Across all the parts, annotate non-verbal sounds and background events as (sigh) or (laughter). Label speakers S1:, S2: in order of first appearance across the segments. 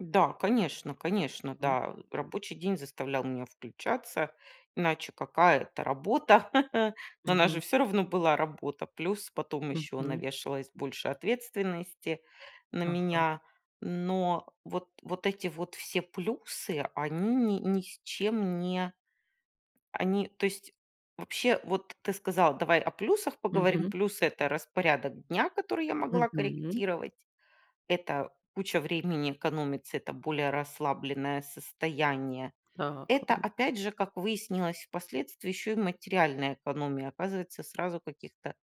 S1: Да, конечно, конечно,
S2: М.
S1: да. Рабочий день заставлял меня включаться, иначе какая это работа? (chuckles) Ну, она же
S2: Мгм.
S1: всё равно была работа, плюс потом ещё
S2: Мгм.
S1: навешалась больше ответственности на
S2: Ага.
S1: меня. Но вот вот эти вот все плюсы, они ни ни с чем не Они, то есть, вообще, вот ты сказала: "Давай о плюсах поговорим".
S2: Мгм.
S1: Плюсы- это распорядок дня, который я могла
S2: Мгм.
S1: корректировать, это куча времени экономится, это более расслабленное состояние.
S2: Так,
S1: Это,
S2: м.
S1: опять же, как выяснилось впоследствии, ещё и материальная экономия. Оказывается, сразу каких-то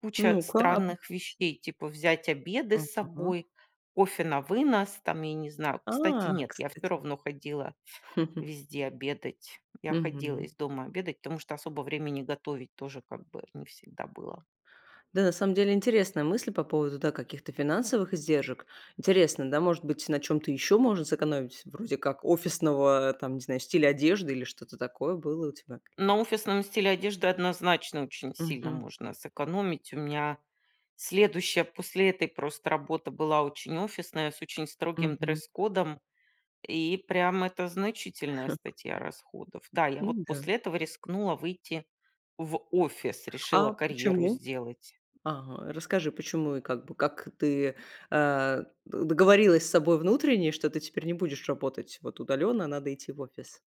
S1: куча
S2: Ну-ка ап
S1: странных вещей, типа взять обеды с
S2: Ага.
S1: собой, кофе на вынос там, я не знаю. Кстати,
S2: А,
S1: нет, я всё
S2: кстати.
S1: равно ходила
S2: (chuckles)
S1: везде обедать. Я ходила
S2: Мгм.
S1: из дома обедать, потому что особо времени готовить тоже, как бы, не всегда было.
S2: Да, на самом деле интересная мысль по поводу, да, каких-то финансовых издержек. Интересно, да, может быть, на чём-то ещё можно сэкономить, вроде как офисного, там, не знаю, стиля одежды или что-то такое. Было у тебя
S1: На
S2: какие-то?
S1: офисном стиле одежды, однозначно, очень сильно
S2: Мгм.
S1: можно сэкономить. У меня следующая после этой просто работа была очень офисная с очень строгим
S2: Мгм.
S1: дресс-кодом. И прям это значительная
S2: (chuckles)
S1: статья расходов. Да, я вот
S2: М-да.
S1: после этого рискнула выйти в офис, решила
S2: А
S1: карьеру
S2: почему?
S1: сделать.
S2: Ага, расскажи, почему и, как бы, как ты, э, до договорилась с собой внутренне, что ты теперь не будешь работать вот удалённо, а надо идти в офис.